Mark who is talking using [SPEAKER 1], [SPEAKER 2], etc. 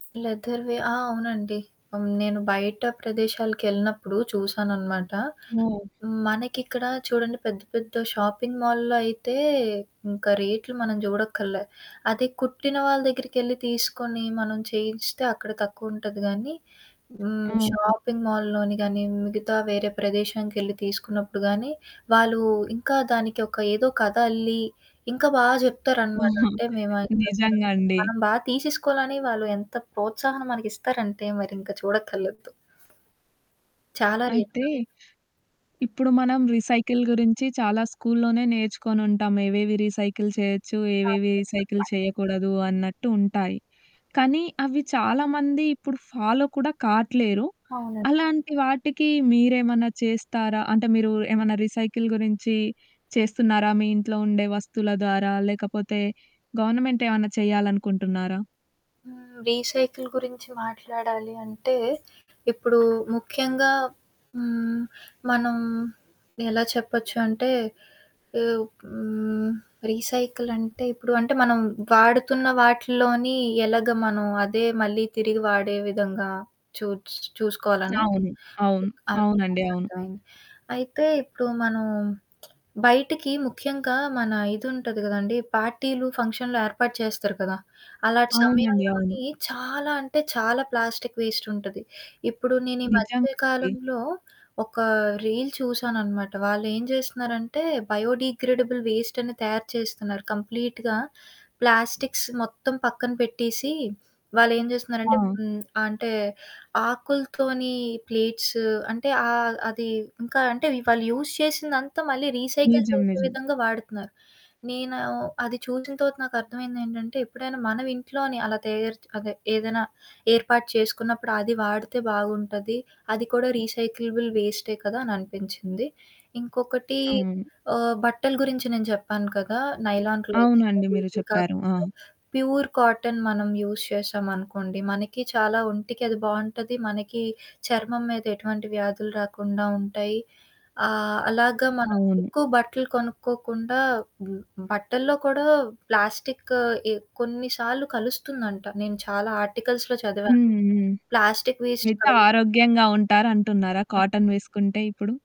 [SPEAKER 1] లెదర్‌వే. ఆ! అవునండి. ఆహ్, హ్మ్, నేను బయట ప్రదేశాలకెళ్ళినప్పుడు చూశాననమాట.
[SPEAKER 2] హ్మ్.
[SPEAKER 1] మనకిక్కడా చూడండి పెద్ద పెద్ద షాపింగ్ మాల్‌లో అయితే ఇంక రేట్లు మనం జూడక్కర్లే. అదే కుట్టిన వాళ్ళ దగ్గరికెళ్లి తీసుకొని, మనం చేయించెస్తే అక్కడ తక్కువుంటది గానీ, హ్మ్,
[SPEAKER 2] అవును.
[SPEAKER 1] షాపింగ్ మాల్‌లోని గానీ, మిగతా వేరే ప్రదేశాముకెళ్ళి తీసుకున్నప్పుడు గానీ, వాళ్ళూ ఇంకా దానికి ఒక ఏదో కథ అల్లి, ఇంకా బా జెప్తారనమాట. అంటే, మేవయి [unintelligible]
[SPEAKER 2] నిజంగా అండి.
[SPEAKER 1] మనం బా తీసేసుకోవాలని వాళ్ళు ఎంత ప్రోత్సాహన మనకిస్తరంటే, మరింక చూడక్కర్లేదు. చాలా రేట్లు
[SPEAKER 2] అయితే, ఇప్పుడు మనం రీసైకిల్ గురించి చాలా స్కూల్‌లోనే నేర్చుకొనుంటాం ఏవేవి రీసైకిల్ చెయొచ్చు, ఏవేవి రీసైకిల్
[SPEAKER 1] [unintelligible]
[SPEAKER 2] చెయ్యకూడదు అన్నట్టు ఉంటాయి, కానీ అవి చాలామంది ఇప్పుడు ఫాలో కూడా కాట్లేరు.
[SPEAKER 1] అవునండి.
[SPEAKER 2] అలాంటి వాటికి మీరేమన్నా చేస్తారా? అంటే, మీరూ ఏమన్నా రీసైకిల్ గురించి చేస్తున్నారా మీ ఇంట్లో ఉండే వస్తువుల ద్వారా? లేకపోతే గవర్నమెంటేవన్నా చెయ్యాలనుకుంటున్నారా?
[SPEAKER 1] హ్మ్, రీసైకిల్ గురించి మాట్లాడాలి అంటే, ఇప్పుడూ ముఖ్యంగా హ్మ్, మనం ఎలా చెప్పచ్చు అంటే, ఎవ్ హ్మ్, రీసైకిలంటే ఇప్పుడు అంటే, మనం వాడుతున్న వాటిలోని ఎలాగ మనం అదే మళ్ళీ తిరిగి వాడే విధంగా చూట్స్ చూసుకోవాలను.
[SPEAKER 2] అవును. అవును.
[SPEAKER 1] అవును.
[SPEAKER 2] అవునండి. అవును.
[SPEAKER 1] నాకర్ధమైంది. అయితే, ఇప్పుడూ మనం బయిటికి ముఖ్యంగా మన ఇదుంటది గదండీ పార్టీలు, ఫంక్షన్లు ఏర్పాటు చేస్తారు కదా! అలాటి
[SPEAKER 2] అవునండి.
[SPEAKER 1] సమయాల్లోని
[SPEAKER 2] అవును.
[SPEAKER 1] చాలా అంటే చాలా ప్లాస్టిక్ వేస్టుంటది. ఇప్పుడు నేను ఈ మధ్య
[SPEAKER 2] నిజమండి.
[SPEAKER 1] కాలంలో ఒకా రీల్ చూసాననమాట. వాళ్ళు ఏం జేస్తన్నారంటే, బయోడీగ్రేడబుల్ వేస్టని తయారు చేస్తున్నారు. కంప్లీట్‌గా ప్లాస్టిక్స్ మొత్తం పక్కన పెట్టేసీ, వాళ్ళేం జేస్తున్నారంటే.
[SPEAKER 2] ఆ!
[SPEAKER 1] హ్మ్, అంటే, ఆకులతోనీ ప్లేట్స్ అంటే, ఆహ్, అది ఇంకా అంటే, వి వాళ్ళు యూజ్ చేసిందంతా మళ్ళీ రీసైకిల్
[SPEAKER 2] నిజం.
[SPEAKER 1] చేసే
[SPEAKER 2] నిజం.
[SPEAKER 1] విధంగా వాడతున్నారు. నేనూ అది చూసిన తర్వాత నాకర్థమైందేంటంటే, ఎప్పుడైనా మనవింట్లోనే అలా తయారు చ్ అదే ఏదైనా ఏర్పాటు చేసుకున్నప్పుడు అది వాడితే బాగుంటది, అది కూడా రీసైకలబుల్ వేస్టే కదా! అననిపించింది. ఇంకొకటి
[SPEAKER 2] అవును.
[SPEAKER 1] ఆహ్, బట్టల గురించి నేను చెప్పాను కదా! నైలాన్ క్లోత్స్
[SPEAKER 2] అవునండి.
[SPEAKER 1] అవి,
[SPEAKER 2] మీరు
[SPEAKER 1] ఇవి కాకుండా
[SPEAKER 2] చెప్పారు. ఆ!
[SPEAKER 1] ప్యూర్ కాటన్ మనం యూజ్ చేశామనుకోండి, మనకి చాలా ఒంటికది బావుంటది. మనకీ చర్మం మీద ఎటువంటి వ్యాధులు రాకుండా ఉంటాయి. ఆహ్, అలాగ మనం
[SPEAKER 2] అవును.
[SPEAKER 1] ఎక్కువ బట్టలు కొనుక్కోకుండా, హ్మ్, హ్మ్, బట్టల్లో కూడా ప్లాస్టిక్ ఎ కొన్ని సార్లు కలుస్తుందంట. నేను చాలా ఆర్టికల్స్‌లో చదివాను.
[SPEAKER 2] హ్మ్. హ్మ్.
[SPEAKER 1] ప్లాస్టిక్ వేస్ట్
[SPEAKER 2] మిగత
[SPEAKER 1] కానీ
[SPEAKER 2] ఆరోగ్యంగా ఉంటారంటున్నారా
[SPEAKER 1] ఆ!
[SPEAKER 2] కాటన్ వేసుకుంటే ఇప్పుడు?